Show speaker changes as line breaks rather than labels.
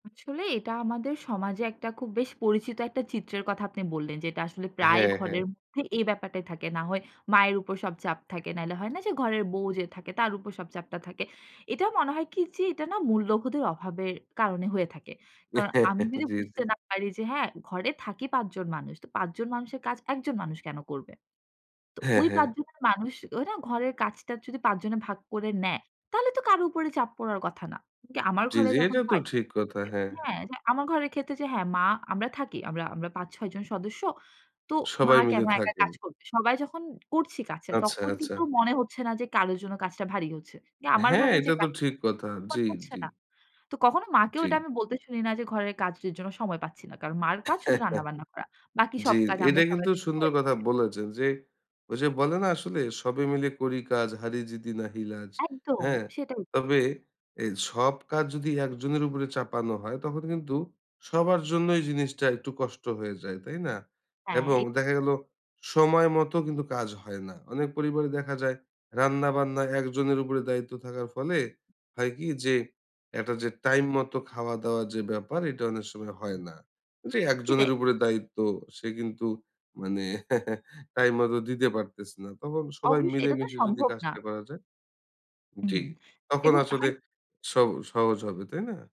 আসলে এটা আমাদের সমাজে একটা খুব বেশ পরিচিত একটা চিত্রের কথা আপনি বললেন যেটা আসলে প্রায়
হ্যাঁ, হ্যাঁ।
ঘরের মধ্যে এই ব্যাপারটাই থাকে। না হয় মায়ের উপর সব চাপ থাকে, নাইলে হয় না যে, ঘরের বউ যে থাকে, তার উপর সব চাপটা থাকে। এটা মনে হয় কি যে, এটা না মূল্যবোধের অভাবের কারণে হয়ে থাকে। কারণ আমি যদি
জি, জি।
বুঝতে না পারি যে হ্যাঁ, ঘরে থাকি ৫ জন মানুষ, তো ৫ জন মানুষের কাজ, ১ জন মানুষ কেন করবে? তো
হ্যাঁ,
ওই ৫
হ্যাঁ।
জনের মানুষ ওই না, ঘরের কাজটা যদি ৫ জনে ভাগ করে নেয়, তাহলে তো কারো উপরে চাপ পড়ার কথা না। কিন্তু আমার
জি,
ঘরে
জি।
যখন
এটা তো
হয়
ঠিক কথা, হ্যাঁ।
হ্যাঁ, যে আমার ঘরের ক্ষেত্রে যে হ্যাঁ, মা; আমরা থাকি, আমরা আমরা ৫-৬ জন সদস্য। তো মা
সবাই মিলে
কেন একা
থাকেন।
কাজ করবে? সবাই যখন করছি কাছের,
আচ্ছা,
তখন
আচ্ছা।
কিন্তু মনে হচ্ছে না, যে কারোর জন্য কাজটা ভারী হচ্ছে। যে আমার
হ্যাঁ,
ভাগে যে
এটা তো
কাজ
ঠিক কথা।
[unintelligible]
জি,
হচ্ছে
জি।
না। তো কখনো মাকেও এটা
জি।
আমি বলতে শুনি না যে, "ঘরের কাজের জন্য সময় পাচ্ছি না।" কারণ মা'র কাজ শুধু রান্না-বান্না করা। বাকি সব
জি।
কাজ আমরা
এটা
সবাই
কিন্তু
মিলে
সুন্দর
করে
কথা
দিচ্ছি।
বলেছেন যে, ওই যে বলে না আসলে, "সবে মিলে করি কাজ, হারি জিতি নাহি লাজ।"
একদম,
হ্যাঁ?
সেটাই।
তবে এই সব কাজ যদি ১ জনের উপরে চাপানো হয়, তখন কিন্তু সবার জন্যই জিনিসটা একটু কষ্ট হয়ে যায়, তাই না?
হ্যাঁ।
এবং
এ
দেখা গেলো সময় মতো কিন্তু কাজ হয় না। অনেক পরিবারে দেখা যায়, রান্না-বান্না ১ জনের উপরে দায়িত্ব থাকার ফলে, হয় কি যে, একটা যে টাইম মতো খাওয়া-দাওয়া যে ব্যাপার, এটা অনেক সময় হয়
হু।
না। যে ১ জনের
সেটাই।
উপরে দায়িত্ব, সে কিন্তু মানে টাইম মত দিতে পারতেছে না। তখন সবাই
অবশ্যই, এটা তো
মিলেমিশে যদি
সম্ভব না।
কাজটা করা যায় জি।
হুম
তখন
এবং
আসলে
হাই
সব সহজ হবে, তাই না?